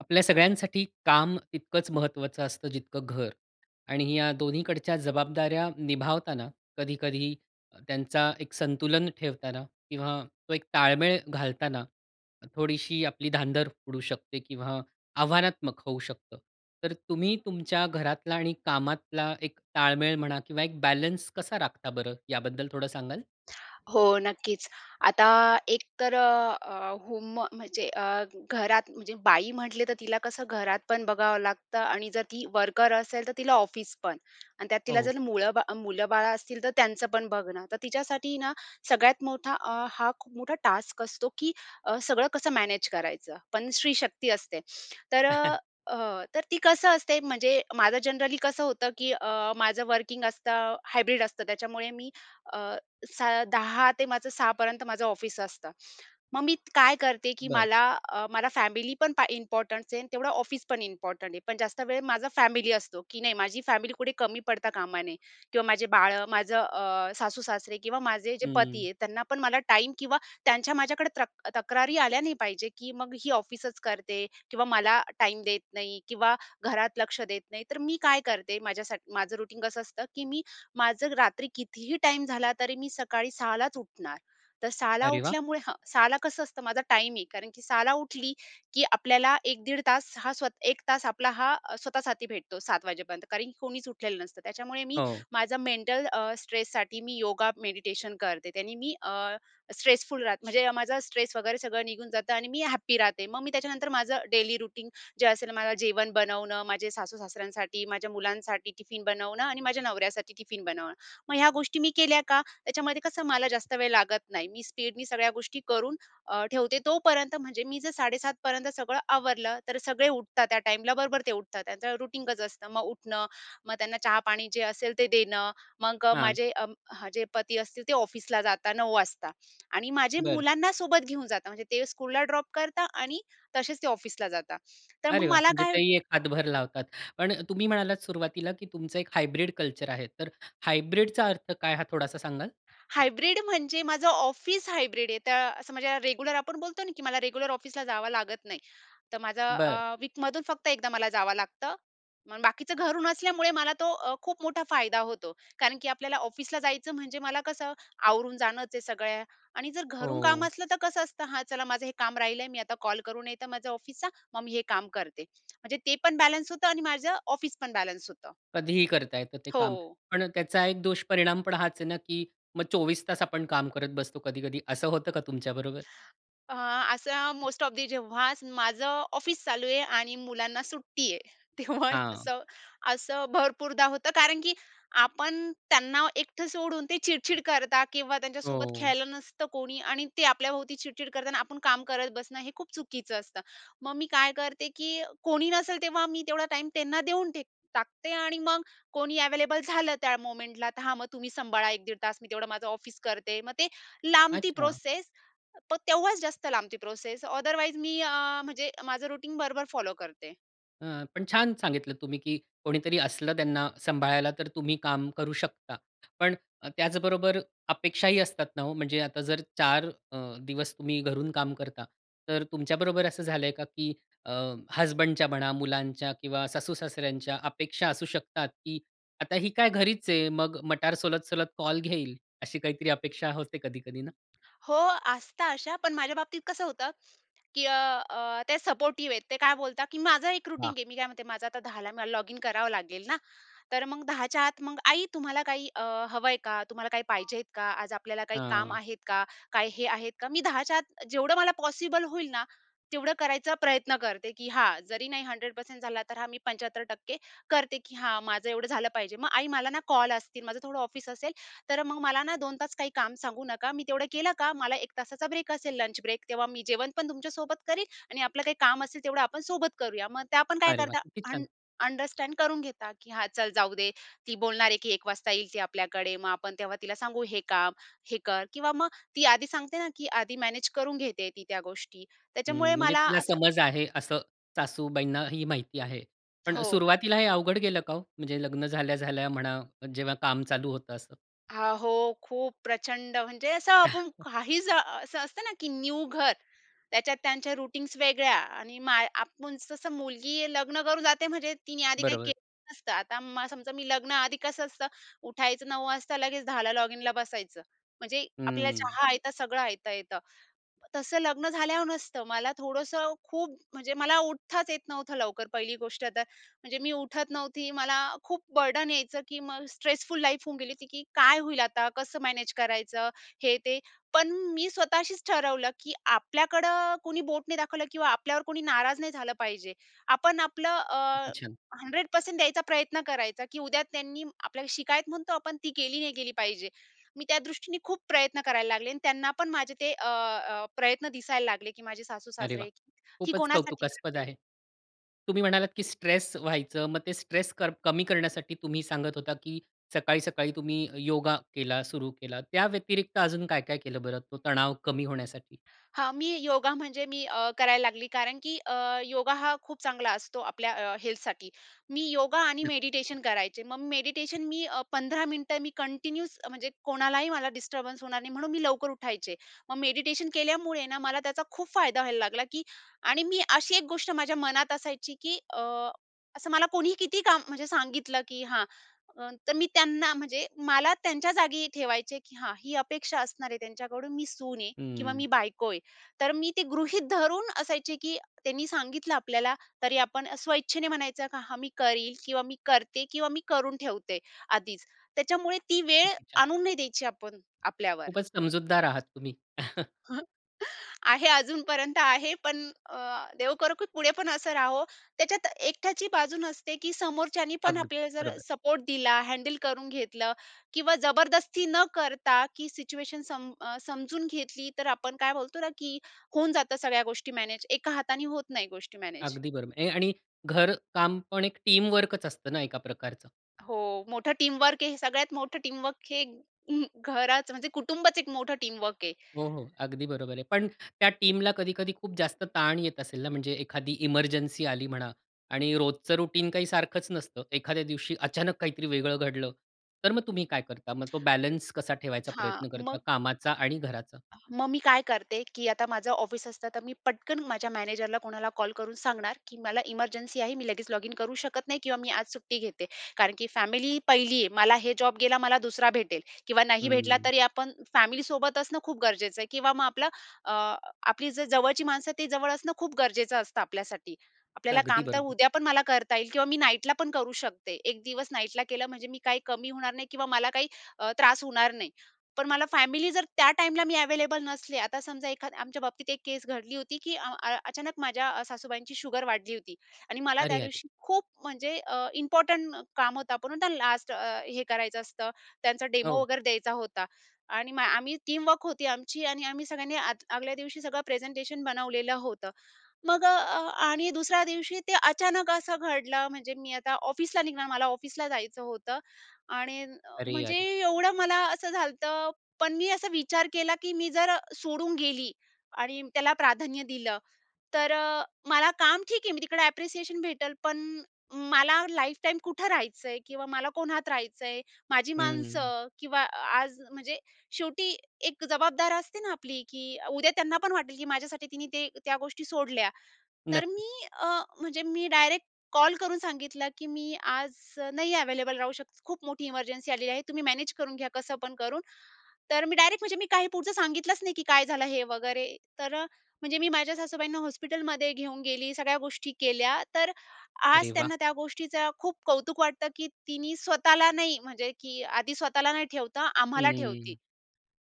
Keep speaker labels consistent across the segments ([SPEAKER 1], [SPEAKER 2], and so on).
[SPEAKER 1] आपल्या सगळ्यांसाठी काम तितकंच महत्वाचं असतं, जितकं घर आणि या दोन्हीकडच्या जबाबदाऱ्या निभावताना कधी-कधी त्यांचा एक संतुलन ठेवताना किंवा तो एक ताळमेळ घालताना, थोडीशी आपली धांदर उडू शकते किंवा आव्हानात्मक होऊ शकतं. तर तुम्ही तुमच्या घरातला आणि कामातला एक ताळमेळ म्हणा किंवा एक बॅलन्स कसा राखता बरं याबद्दल थोडं सांगाल?
[SPEAKER 2] हो. नक्कीच. आता एक तर अ, अ, होम म्हणजे अ, घरात म्हणजे बाई म्हटले तर तिला कसं घरातपण बघावं लागतं आणि जर ती वर्कर असेल तर तिला ऑफिसपण आणि त्यात तिला
[SPEAKER 1] हो.
[SPEAKER 2] जर मुळं, मुलं-बाळ असतील तर त्यांचंपण बघणं. तर तिच्यासाठी ना सगळ्यात मोठा अ, हा खूप मोठा टास्क असतो की अ, सगळं कसं मॅनेज करायचं. पण स्त्री शक्ती असते. तर अ, तर ती कसं असते म्हणजे माझं जनरली कसं होतं की अ, माझं वर्किंग असतं, हायब्रिड असतं त्याच्यामुळे मी अ, स 10:00 ते माझं 06:00पर्यंत माझं ऑफिस असतं. मग मी काय करते? की
[SPEAKER 1] बरं.
[SPEAKER 2] मला, अ, मला फॅमिलीपण इम्पोर्टंट आहे. आणि तेवढं ऑफिसपण इम्पॉर्टंट आहे, पण जास्त वेळ माझा फॅमिली असतो, की नाही माझी फॅमिली कुठे कमी पडता कामा नये किंवा माझे बाळं माझं अ, सासू-सासरे किंवा माझे जे
[SPEAKER 1] हं.
[SPEAKER 2] पती आहेत त्यांनापण मला टाईम किंवा त्यांच्या माझ्याकडे तक तक्रारी आल्या नाही पाहिजे, की मग ही ऑफिसच करते किंवा मला टाईम देत नाही किंवा घरात लक्ष देत नाही. तर मी काय करते? माझ्यासाठी माझं रुटीन कसं असतं, की मी माझं रात्री कितीही टाईम झाला तरी मी सकाळी सहालाच उठणार तर 06:00ला
[SPEAKER 1] अरे वाह!
[SPEAKER 2] उठल्यामुळे हा 06:00ला कसं असतं माझा टाईम आहे कारण की 06:00 उठली, की आपल्याला 1 दीड तास हा स्वत 1 तास आपला हा स्वतःसाठी भेटतो 07:00 कारण कोणीच उठलेलं नसतं त्याच्यामुळे मी
[SPEAKER 1] हो.
[SPEAKER 2] माझं मेंटल अ, स्ट्रेससाठी मी योगा मेडिटेशन करते, त्यानी मी अ, स्ट्रेसफुल राहते म्हणजे माझा स्ट्रेस वगैरे सगळं निघून जातं आणि मी हॅप्पी राहते. मग मी त्याच्यानंतर माझं डेली रूटीन जे असेल माझं जेवण बनवणं, माझे सासू-सासऱ्यांसाठी माझ्या मुलांसाठी टिफिन बनवणं आणि माझ्या नवऱ्यासाठी टिफिन बनवणं. मग ह्या गोष्टी मी केल्या का त्याच्यामध्ये कसं मला जास्त वेळ लागत नाही. मी स्पीडनी सगळ्या गोष्टी करून ठेवते तोपर्यंत म्हणजे मी जर 07:30पर्यंत सगळं आवरलं तर सगळे उठतात त्या टाईमला, बरोबर ते उठतात त्यांचं रूटीन कच असतं मग उठणं मग त्यांना चहा पाणी जे असेल ते देणं, मग
[SPEAKER 1] हां.
[SPEAKER 2] माझे जे पती असतील ते ऑफिसला जातात, 09:00 वाजता आणि माझे
[SPEAKER 1] बरं.
[SPEAKER 2] मुलांना सोबत घेऊन जातात म्हणजे ते स्कूलला ड्रॉप करतात आणि तसेच ते ऑफिसला जातात तर मग
[SPEAKER 1] अरे वाह!
[SPEAKER 2] मला
[SPEAKER 1] म्हणजे
[SPEAKER 2] काय
[SPEAKER 1] ते ही एक हातभर लावतात, पण तुम्ही म्हणालात सुरुवातीला, की तुमचं एक हायब्रिड कल्चर आहे. तर हायब्रिडचा अर्थ काय हा थोडासा सांगाल?
[SPEAKER 2] हायब्रिड म्हणजे माझं ऑफिस हायब्रिड आहे तर असं म्हणजे रेग्युलर आपण बोलतो ना, की मला रेग्युलर ऑफिसला जावं लागत नाही. तर माझं
[SPEAKER 1] बरं.
[SPEAKER 2] अ, वीकमधून फक्त एकदा मला जावं लागतं, मग बाकीचं घरून असल्यामुळे मला तो अ, खूप मोठा फायदा होतो, कारण की आपल्याला ऑफिसला जायचं म्हणजे मला कसं आवरून जाणंच आहे सगळ्या आणि जर घरून काम
[SPEAKER 1] हो.
[SPEAKER 2] असलं तर कसं असतं हां, चला माझं हे काम राहिलंय मी आता कॉल करून येत माझं ऑफिसचा, मग मी हे काम करते. म्हणजे ते पण बॅलन्स होतं आणि माझं ऑफिसपण बॅलन्स होतं.
[SPEAKER 1] कधीही करता येतं ते काम,
[SPEAKER 2] हो.
[SPEAKER 1] पण त्याचा एक दुष्परिणाम पण हाच आहे ना, की मग 24 तास आपण काम करत बसतो कधी-कधी. असं होतं का तुमच्याबरोबर?
[SPEAKER 2] अ, असं मोस्ट ऑफ दी जेव्हा माझं ऑफिस चालू आहे आणि मुलांना सुट्टी आहे, तेव्हा
[SPEAKER 1] हां.
[SPEAKER 2] असं, असं भरपूरदा होतं, कारण की आपण त्यांना एकटं सोडून ते चिडचिड करता किंवा त्यांच्यासोबत
[SPEAKER 1] हो.
[SPEAKER 2] खेळलं नसतं कोणी आणि ते आपल्याभोवती चिडचिड करताना, आपण काम करत बसणं हे खूप चुकीचं असतं. मग मी काय करते? की कोणी नसेल तेव्हा मी तेवढा टाईम त्यांना देऊन टेक टाकते आणि मग कोणी अवेलेबल झालं त्या मूव्हमेंटला तर हा मग तुम्ही सांभाळा 1 दीड तास मी तेवढं माझं ऑफिस करते. मग ते लांबती
[SPEAKER 1] अच्छा.
[SPEAKER 2] प्रोसेसपण तेव्हाच जास्त लांबती प्रोसेस ओदरवाईज मी अ, म्हणजे माझं रुटीन बरोबर फॉलो करते.
[SPEAKER 1] हं, पण छान सांगितलं तुम्ही, की कोणीतरी असलं त्यांना सांभाळायला तर तुम्ही काम करू शकता. पण त्याचबरोबर अपेक्षाही असतात ना ओ, म्हणजे आता जर 4 अ, दिवस तुम्ही घरून काम करता, तर तुमच्याबरोबर असं झालंय का की अ, हसबंडच्या म्हणा, मुलांच्या किंवा सासू-सासऱ्यांच्या अपेक्षा असू शकतात की "आता ही काय घरीच आहे. मग मटार सोलत-सोलत कॉल घेईल." अशी काहीतरी अपेक्षा होते कधी-कधी ना?
[SPEAKER 2] हो, असतात अशा, पण माझ्या बाबतीत कसं होतं की अ, अ, ते सपोर्टिव्ह आहेत. ते काय बोलतात की माझा एक रूटीन
[SPEAKER 1] वाह!
[SPEAKER 2] आहे. मी काय म्हणते, माझं आता 10 ला मला लॉगिन करावं लागेल ना. तर मग 10 च्या आत मग, "आई तुम्हाला काही अ, हवंय का? तुम्हाला काही पाहिजे का? आज आपल्याला काही काम
[SPEAKER 1] हां.
[SPEAKER 2] आहेत का? काय हे आहेत का?" मी 10 च्या आत जेवढं मला पॉसिबल होईल ना तेवढं करायचा प्रयत्न करते, की हां जरी नाही 100% झाला, तर हां, मी 75% करते की हां, माझं एवढं झालं पाहिजे. "मग आई मला ना कॉल असतील. माझं थोडं ऑफिस असेल. तर मग मला ना 2 तास काही काम सांगू नका. मी तेवढं केलं का, मला 1 तासाचा ब्रेक असेल, लंच ब्रेक, तेव्हा मी जेवण पण तुमच्या सोबत करीन आणि आपलं काही काम असेल, तेवढं आपण सोबत करूया." मग त्या पण काय
[SPEAKER 1] अरे वाह!
[SPEAKER 2] करतात?
[SPEAKER 1] किती
[SPEAKER 2] अंड
[SPEAKER 1] छान!
[SPEAKER 2] अंडरस्टँड करून घेतात. की हां चल जाऊ दे. ती बोलणार आहे की 1:00 वाजता येईल ती आपल्याकडे मग आपण तेव्हा तिला सांगू हे काम, हे कर किंवा मग ती आधी सांगते ना की आधी मॅनेज करून घेते आहे ती त्या गोष्टी त्याच्यामुळे
[SPEAKER 1] हं. म्हणजे
[SPEAKER 2] मला
[SPEAKER 1] तिला
[SPEAKER 2] असं
[SPEAKER 1] समज आहे, असं सासूबाईंना ही माहिती आहे. पण
[SPEAKER 2] हो.
[SPEAKER 1] सुरुवातीला हे अवघड गेलं का ओ? म्हणजे लग्न झाल्या-झाल्या म्हणा, जेव्हा काम चालू होतं असं?
[SPEAKER 2] अहो, खूप प्रचंड म्हणजे असं आपण काही जा, असं असतं ना की न्यू घर त्याच्यात त्यांच्या रूटीन्स वेगळ्या आणि मा, आपण तसं मुलगी लग्न करून जाते म्हणजे तिने आधी काही
[SPEAKER 1] बरोबर.
[SPEAKER 2] केलं नसतं, आता समजा मी लग्न आधी कसं असतं, उठायचं 9 वाजता लगेच, 10 लॉगिनला बसायचं. म्हणजे आपल्याला
[SPEAKER 1] हं.
[SPEAKER 2] चहा आयता, सगळं आयता येतं. तसं लग्न झाल्यावर नसतं मला थोडंसं खूप म्हणजे मला उठताच येत नव्हतं लवकर पहिली गोष्ट तर, म्हणजे मी उठत नव्हती, मला खूप बर्डन यायचं की मग स्ट्रेसफुल लाईफ होऊन की काय होईल आता, कसं मॅनेज करायचं? हे ते पण मी स्वतःशीच ठरवलं की आपल्याकडं कोणी बोट नाही दाखवलं किंवा आपल्यावर कोणी नाराज नाही झालं पाहिजे. आपण आपलं
[SPEAKER 1] किती
[SPEAKER 2] अ,
[SPEAKER 1] छान.
[SPEAKER 2] 100% द्यायचा प्रयत्न करायचा, की उद्या त्यांनी आपल्याला शिकायत म्हणतो आपण ती केली नाही केली पाहिजे. मी त्या दृष्टीने खूप प्रयत्न करायला लागले आणि त्यांना पण माझे ते अ, अ प्रयत्न दिसायला लागले की माझे सासू
[SPEAKER 1] अरे वाह!
[SPEAKER 2] सासरे ही
[SPEAKER 1] खूपच
[SPEAKER 2] कोणासाठी
[SPEAKER 1] कौतुकास्पद
[SPEAKER 2] करते.
[SPEAKER 1] आहे. तुम्ही म्हणालात, की स्ट्रेस व्हायचं, मग ते स्ट्रेस क कमी करण्यासाठी तुम्ही सांगत होता की सकाळी, सकाळी तुम्ही योगा केला सुरू केला. त्या व्यतिरिक्त अजून काय, काय केलं बरं तो तणाव कमी होण्यासाठी?
[SPEAKER 2] हां, मी योगा म्हणजे मी अ, करायला लागली कारण की अ, योगा हा खूप चांगला असतो आपल्या अ, हेल्थसाठी. मी योगा आणि
[SPEAKER 1] हं.
[SPEAKER 2] मेडिटेशन करायचे. मग मेडिटेशन मी अ, 15 मिनिटं मी कंटिन्यूस म्हणजे कोणालाही मला डिस्टर्बन्स होणार नाही, म्हणून मी लवकर उठायचे. मग मेडिटेशन केल्यामुळे ना, मला त्याचा खूप फायदा व्हायला लागला, की आणि मी अशी एक गोष्ट माझ्या मनात असायची की अ, असं मला कोणीही किती काम म्हणजे सांगितलं की हां, तर मी त्यांना म्हणजे मला त्यांच्या जागी ठेवायचे, की हां ही अपेक्षा असणार आहे त्यांच्याकडून मी सून आहे किंवा
[SPEAKER 1] हं.
[SPEAKER 2] मी बायको आहे. तर मी ते गृहीत धरून असायचे की त्यांनी सांगितलं आपल्याला तरी आपण स्वइच्छेने म्हणायचं का हा मी करीन किंवा मी करते किंवा मी करून ठेवते आधीच, त्याच्यामुळे ती वेळ
[SPEAKER 1] किती छान.
[SPEAKER 2] आणून नाही द्यायची आपण आपल्यावर.
[SPEAKER 1] खूपच समजूतदार आहात तुम्ही.
[SPEAKER 2] आहे अजूनपर्यंत आहे पण अ देव करो की पुढे पण असं राहो. त्याच्यात एकट्याची बाजू नसते की समोरच्यानी पण
[SPEAKER 1] अगदी
[SPEAKER 2] आपल्याला जर
[SPEAKER 1] बरोबर.
[SPEAKER 2] सपोर्ट दिला, हँडल करून घेतलं किंवा जबरदस्ती न करता की सिच्युएशन सम अ समजून घेतली तर आपण काय बोलतो ना, की होऊन जातं सगळ्या गोष्टी मॅनेज एका हाताने होत नाही गोष्टी मॅनेज.
[SPEAKER 1] अगदी बरोबर ए आणि घर कामपण एक टीम वर्कच असतं ना एका प्रकारचं.
[SPEAKER 2] हो, मोठं टीमवर्क आहे हे. सगळ्यात मोठं टीमवर्क हे अं, घराचं. म्हणजे कुटुंबच एक मोठं टीमवर्क आहे.
[SPEAKER 1] हो, हो, अगदी बरोबर आहे. पण त्या टीमला कधी-कधी खूप जास्त ताण येत असेल ना, म्हणजे एखादी ईमर्जन्सी आली म्हणा आणि रोजचं रूटीन काही सारखंच नसतं. एखाद्या दिवशी अचानक काहीतरी वेगळं घडलं तर मग तुम्ही काय करता? मग तो बॅलन्स कसा ठेवायचा
[SPEAKER 2] हां
[SPEAKER 1] प्रयत्न करता,
[SPEAKER 2] मग
[SPEAKER 1] कामाचा आणि घराचा?
[SPEAKER 2] मग मी काय करते, की आता माझं ऑफिस असतं तर मी पटकन माझ्या मॅनेजरला कोणाला कॉल करून सांगणार, की मला इमर्जन्सी आहे. मी लगेच लॉगिन करू शकत नाही किंवा मी आज सुट्टी घेते, कारण की फॅमिली 1ली आहे. मला हे जॉब गेला, मला 2रा भेटेल किंवा नाही भेटला
[SPEAKER 1] हं.
[SPEAKER 2] तरी, आपण फॅमिलीसोबत असणं खूप गरजेचं आहे किंवा मग आपलं अ, आपली जर जवळची माणसं ते जवळ असणं खूप गरजेचं असतं आपल्यासाठी. आपल्याला
[SPEAKER 1] अगदी
[SPEAKER 2] काम तर
[SPEAKER 1] बरोबर.
[SPEAKER 2] उद्या पण मला करता येईल किंवा मी नाईटला पण करू शकते. एक दिवस नाईटला केलं म्हणजे मी काही कमी होणार नाही किंवा मला काही अ, त्रास होणार नाही. पण मला फॅमिली जर, त्या टाईमला मी अव्हेलेबल नसले, आता समजा एखाद आमच्या बाबतीत एक केस घडली होती की अं, अ अचानक माझ्या अ, सासूबाईंची शुगर वाढली होती. आणि मला
[SPEAKER 1] अरे!
[SPEAKER 2] त्या
[SPEAKER 1] अरे!
[SPEAKER 2] दिवशी खूप म्हणजे अ, इम्पोर्टंट काम होतं, आपण म्हणतो ना लास्ट अ, हे करायचं असतं, त्यांचा डेमो
[SPEAKER 1] हो.
[SPEAKER 2] वगैरे द्यायचा होता. आणि मग आम्ही टीमवर्क होती आमची आणि आम्ही सगळ्यांनी आद आगल्या दिवशी सगळं प्रेझेंटेशन बनवलेलं होतं. मग अ, अ, आणि दुसऱ्या दिवशी ते अचानक असं घडलं. म्हणजे मी आता ऑफिसला निघणार, मला ऑफिसला जायचं होतं आणि अ,
[SPEAKER 1] अरे!
[SPEAKER 2] म्हणजे
[SPEAKER 1] अरे!
[SPEAKER 2] एवढं मला असं झालतं पण मी असा विचार केला की मी जर अ, सोडून गेली आणि त्याला प्राधान्य दिलं तर अ, मला काम ठीक आहे मी तिकडे ॲप्रिसिएशन भेटेल, पण मला लाईफटाईम कुठं राहायचं आहे? किंवा मला कोणात राहायचं आहे? माझी
[SPEAKER 1] हम्म.
[SPEAKER 2] माणसं किंवा अ, आज म्हणजे शेवटी एक जबाबदार असते ना आपली, की अ, उद्या त्यांना पण वाटेल की माझ्यासाठी तिने ते त्या गोष्टी सोडल्या. तर
[SPEAKER 1] नक्की.
[SPEAKER 2] मी अ, म्हणजे मी डायरेक्ट कॉल करून सांगितलं की मी आज अ, नाही अव्हेलेबल राहू शकत, खूप मोठी इमर्जन्सी आलेली आहे, तुम्ही मॅनेज करून घ्या कसं पण करून. तर मी डायरेक्ट म्हणजे मी काही पुढचं सांगितलंच नाही की काय झालं हे वगैरे. तर अ, म्हणजे मी माझ्या सासूबाईंना हॉस्पिटलमध्ये घेऊन गेली, सगळ्या गोष्टी केल्या. तर
[SPEAKER 1] अरे
[SPEAKER 2] आज
[SPEAKER 1] वाह!
[SPEAKER 2] त्यांना त्या गोष्टीचं खूप कौतुक वाटतं की "तिने स्वतःला नाही म्हणजे की आधी स्वतःला नाही ठेवता आम्हाला ठेवती.
[SPEAKER 1] हम्म.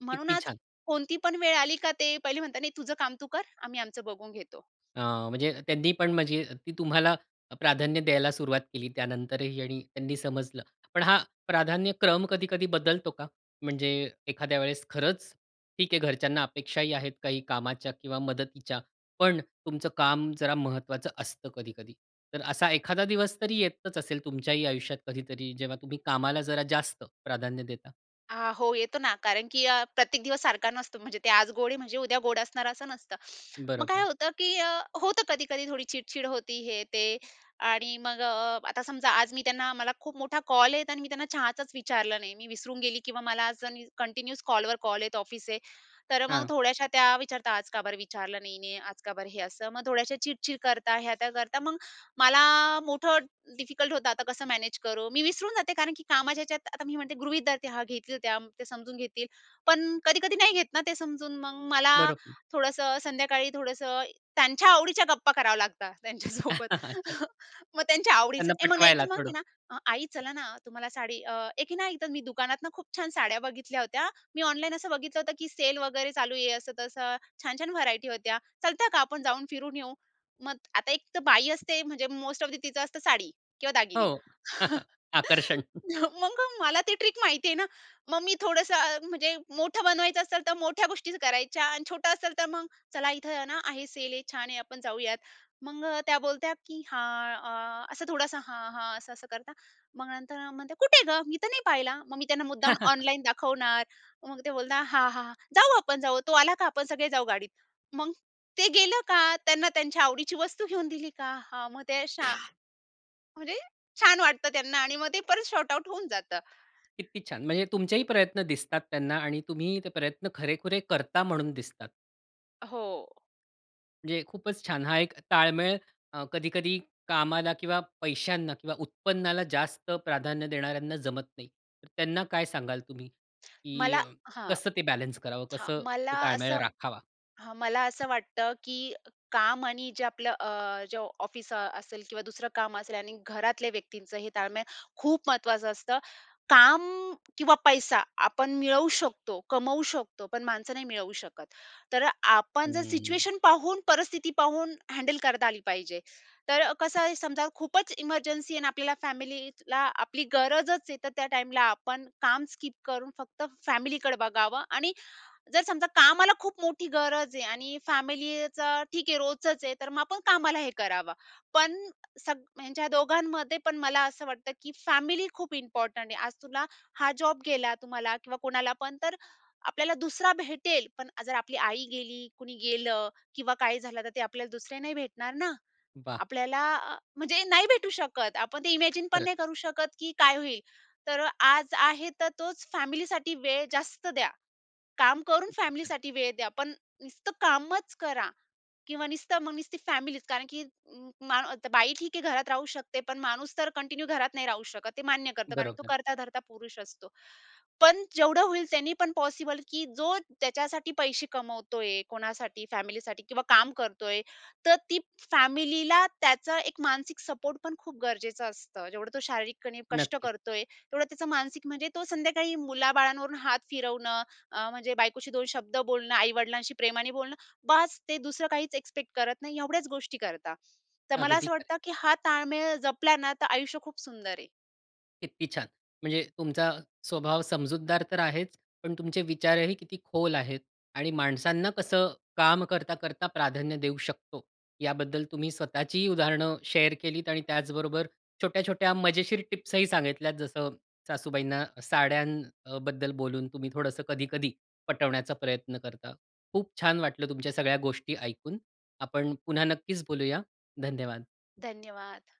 [SPEAKER 2] म्हणून
[SPEAKER 1] किती
[SPEAKER 2] आज
[SPEAKER 1] छान!
[SPEAKER 2] कोणती पण वेळ आली का ते, पहिले म्हणतात, नाही तुझं काम तू कर, आम्ही आमचं बघून घेतो.,
[SPEAKER 1] अ, म्हणजे त्यांनी पण म्हणजे ती तुम्हाला प्राधान्य द्यायला सुरुवात केली त्यानंतरही त्यांनी समजलं. पण हा प्राधान्यक्रम कधी-कधी बदलतो का? म्हणजे एखाद्या वेळेस खरंच ठीक आहे घरच्यांना अपेक्षाही आहेत काही कामाच्या किंवा मदतीच्या. पण तुमचं काम जरा महत्त्वाचं असतं कधी-कधी. तर असा एखादा दिवस तरी येतच असेल तुमच्याही आयुष्यात कधीतरी जेव्हा तुम्ही कामाला जरा जास्त प्राधान्य देता.
[SPEAKER 2] आ हो. येतो ना. कारण की अ, प्रत्येक दिवस सारखा नसतो. म्हणजे ते आज गोड आहे म्हणजे उद्या गोड असणार असं नसतं. मग काय
[SPEAKER 1] बरोबर.
[SPEAKER 2] होतं की अ, होतं कधी-कधी थोडी चिडचिड होती, हे, ते आणि मग अ, आता समजा आज मी त्यांना मला खूप मोठा कॉल आहे आणि मी त्यांना चहाचचं विचारलं नाही. मी विसरून गेली किंवा मला आज कंटिन्यूस कॉलवर कॉल आहेत ऑफिसचे तर मग
[SPEAKER 1] हां.
[SPEAKER 2] थोड्याशा त्या विचारतात, "आज का बरं विचारलं नाही? नाही आज का बरं हे असं?" मग थोड्याशा चिडचिड करतात. ह्या-त्या करतात. मग मला आ मोठं डिफिकल्ट होतं आता कसं मॅनेज करू. मी विसरून जाते कारण की कामाच्या ह्याच्यात आता मी म्हणते गृहीत धरते त्या हा घेतील त्या ते समजून घेतील. पण कधी-कधी नाही घेत ना ते समजून. मग मला
[SPEAKER 1] बरोबर.
[SPEAKER 2] थोडंसं संध्याकाळी थोडंसं त्यांच्या आवडीच्या गप्पा करावा लागतात त्यांच्यासोबत.
[SPEAKER 1] अच्छा.
[SPEAKER 2] मग त्यांच्या आवडीचं,
[SPEAKER 1] त्यांना
[SPEAKER 2] ए मग नाही तर
[SPEAKER 1] पटवायला
[SPEAKER 2] मग आहे
[SPEAKER 1] थोडं.
[SPEAKER 2] ना, "आई चला ना तुम्हाला साडी अ, एक की नाही तर मी दुकानातून खूप छान साड्या बघितल्या होत्या. मी ऑनलाईन असं बघितलं होतं की सेल वगैरे चालू आहे. असं-तसं, छान-छान व्हरायटी होत्या. चलता का आपण जाऊन फिरून येऊ." मग आता एक तर बाई असते म्हणजे मोस्ट ऑफ दि तिचं असतं साडी किंवा दागिने.
[SPEAKER 1] हो. आकर्षण.
[SPEAKER 2] मग मला ती ट्रिक माहिती आहे ना. मग मी थोडंसं म्हणजे मोठं बनवायचं असेल तर मोठ्या गोष्टी करायच्या आणि छोटं असेल तर मग "चला इथं ना आहे सेल आहे, छान आहे आपण जाऊयात." मग त्या बोलत्या की "हां." असं थोडंसं "हां, हां." असं, असं करतात मग नंतर म्हणते "कुठे गं? मी तर नाही पाहिला." मग मी त्यांना मुद्दाम ऑनलाईन दाखवणार मग ते बोलतात "हां, हां, हां. जाऊ आपण, जाऊ. तो आला का आपण सगळे जाऊ गाडीत."मग ते गेलं का त्यांना त्यांच्या आवडीची वस्तू घेऊन दिली का हा मग ते शा म्हणजे छान वाटतं त्यांना आणि मग ते परत सॉर्टआउट होऊन जातं.
[SPEAKER 1] किती छान. म्हणजे तुमचेही प्रयत्न दिसतात त्यांना. आणि तुम्ही ते प्रयत्न खरेखुरे करता म्हणून दिसतात.
[SPEAKER 2] हो.
[SPEAKER 1] म्हणजे खूपच छान. हा एक ताळमेळ अ, कधी-कधी कामाला किंवा पैशांना किंवा उत्पन्नाला जास्त प्राधान्य देणाऱ्यांना जमत नाही. त्यांना काय सांगाल तुम्ही? कि
[SPEAKER 2] मला हं,
[SPEAKER 1] कसं ते बॅलन्स करावं
[SPEAKER 2] हां.
[SPEAKER 1] कसं
[SPEAKER 2] मला
[SPEAKER 1] ताळमेळ
[SPEAKER 2] असं
[SPEAKER 1] राखावा?
[SPEAKER 2] हं. मला असं वाटतं, की काम आणि जे आपलं अ, जे ऑफिस अ, असेल किंवा दुसरं काम असेल आणि घरातल्या व्यक्तींचं हे ताळमेळ, खूप महत्वाचं असतं. काम किंवा पैसा आपण मिळवू शकतो, कमवू शकतो पण माणसं नाही मिळवू शकत. तर आपण जर
[SPEAKER 1] हम्म.
[SPEAKER 2] सिच्युएशन पाहून, परिस्थिती पाहून हँडल करता आली पाहिजे. तर कसं आहे, समजा खूपच इमर्जन्सी आहे आणि आपल्याला फॅमिलीला आपली गरजचं आहे तर त्या टाईमला आपण काम स्किप करून फक्त फॅमिलीकडं बघावं आणि जर समजा कामाला खूप मोठी गरज आहे आणि फॅमिलीचं ठीक आहे, रोजचंच आहे तर मग आपण कामाला हे करावं. पण सग ह्यांच्या दोघांमध्ये पण मला असं वाटतं, की फॅमिली खूप इम्पॉर्टंट आहे, आज तुला हा जॉब गेला, तुम्हाला किंवा कुणाला पण तर आपल्याला दुसरा भेटेल, पण जर आपली आई गेली, कुणी गेलं किंवा काही झालं, तर ते आपल्याला दुसरे नाही भेटणार ना.
[SPEAKER 1] वाह!
[SPEAKER 2] आपल्याला अ, म्हणजे नाही भेटू शकत. आपण ते इमॅजिन पण
[SPEAKER 1] खरंच.
[SPEAKER 2] नाही करू शकत, की काय होईल? तर अ, आज आहे तर तोच फॅमिलीसाठी वेळ जास्त द्या. काम करून
[SPEAKER 1] किती छान.
[SPEAKER 2] फॅमिलीसाठी वेळ द्या. पण नुसतं कामच करा किंवा नुसतं मग नुसती फॅमिलीच कारण, की अ, म बाई ठीक आहे घरात राहू शकते. पण माणूस तर कंटिन्यू घरात नाही राहू शकत, ते मान्य करतो. कारण तो
[SPEAKER 1] बरोबर.
[SPEAKER 2] कर्ता-धर्ता पुरुष असतो. पण जेवढं होईल त्यांनी पण पॉसिबल, की जो ज्याच्यासाठी पैसे कमवतोय, कोणासाठी फॅमिलीसाठी किंवा काम करतोय तर ती फॅमिलीला त्याचा एक मानसिक सपोर्ट पण खूप गरजेचं असतं. जेवढं तो शारीरिकपणे कष्ट
[SPEAKER 1] नक्कीच.
[SPEAKER 2] करतोय तेवढं त्याचं मानसिक म्हणजे तो संध्याकाळी मुलाबाळांवरून हात फिरवणं अ, म्हणजे बायकोशी दोन शब्द बोलणं, आई वडिलांशी प्रेमाने बोलणं. बास ते दुसरं काहीच एक्स्पेक्ट करत नाही. एवढ्याच गोष्टी करतात. तर मला
[SPEAKER 1] अगदी
[SPEAKER 2] असं
[SPEAKER 1] खरं आहे.
[SPEAKER 2] वाटतं, की हा ताळमेळ जपला ना, तर आयुष्य खूप सुंदर आहे.
[SPEAKER 1] किती छान. म्हणजे तुमचा स्वभाव समजूतदार तर आहेच, पण तुमचे विचारही किती खोल आहेत आणि माणसांना कसं काम करता, करता प्राधान्य देऊ शकतो? याबद्दल तुम्ही स्वतःचीही उदाहरणं शेअर केलीत आणि त्याचबरोबर छोट्या, छोट्या मजेशीर टिप्स ही सांगितल्यात, जसं सासूबाईंना साड्यांबद्दल बोलून तुम्ही थोडंसं कधी-कधी पटवण्याचा प्रयत्न करता. खूप छान वाटलं तुमच्या सगळ्या गोष्टी ऐकून. आपण पुन्हा नक्कीच बोलूया. धन्यवाद.
[SPEAKER 2] धन्यवाद.